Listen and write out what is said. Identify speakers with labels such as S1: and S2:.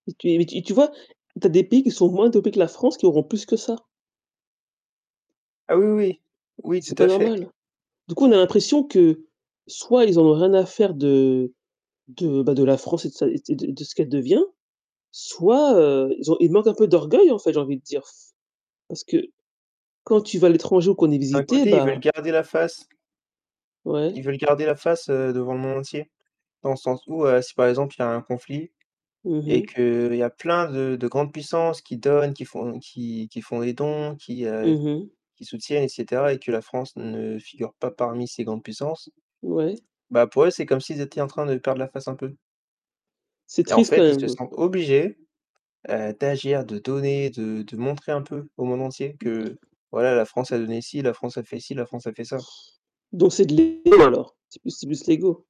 S1: Et tu es et tu et tu vois? Tu as des pays qui sont moins dopés que la France qui auront plus que ça.
S2: Ah oui, oui, oui. Oui
S1: C'est
S2: tout
S1: pas
S2: à fait.
S1: normal. Du coup, on a l'impression que, soit ils en ont rien à faire de heu de bah de la France et de sa et de de ce qu'elle devient, soit heu, ils ont ils manquent un peu d'orgueil en fait j'ai envie de dire. Parce que, quand tu vas à l'étranger ou qu'on est
S2: D'un d'un
S1: visité,
S2: côté, ils veulent
S1: bah
S2: garder la face.
S1: Ouais.
S2: Ils veulent garder la face heu, devant le monde entier, dans le sens où heu, si par exemple il y a un conflit
S1: Mmh
S2: et
S1: mh.
S2: que heu, il y a plein de de grandes puissances qui donnent, qui font qui qui font des dons qui heu,
S1: Mmh mh.
S2: qui soutiennent et cetera, et que la France ne figure pas parmi ces grandes puissances,
S1: Ouais.
S2: bah pour eux, c'est comme s'ils étaient en train de perdre la face un peu.
S1: C'est
S2: Et en
S1: triste quand
S2: fait, ils
S1: même,
S2: se
S1: hein.
S2: sentent obligés heu, d'agir, de donner, de de montrer un peu au monde entier que voilà,
S1: [unintelligible]
S2: la France a donné ci, la France a fait ci, la France a fait ça.
S1: Donc c'est de l'ego alors c'est plus c'est plus l'ego.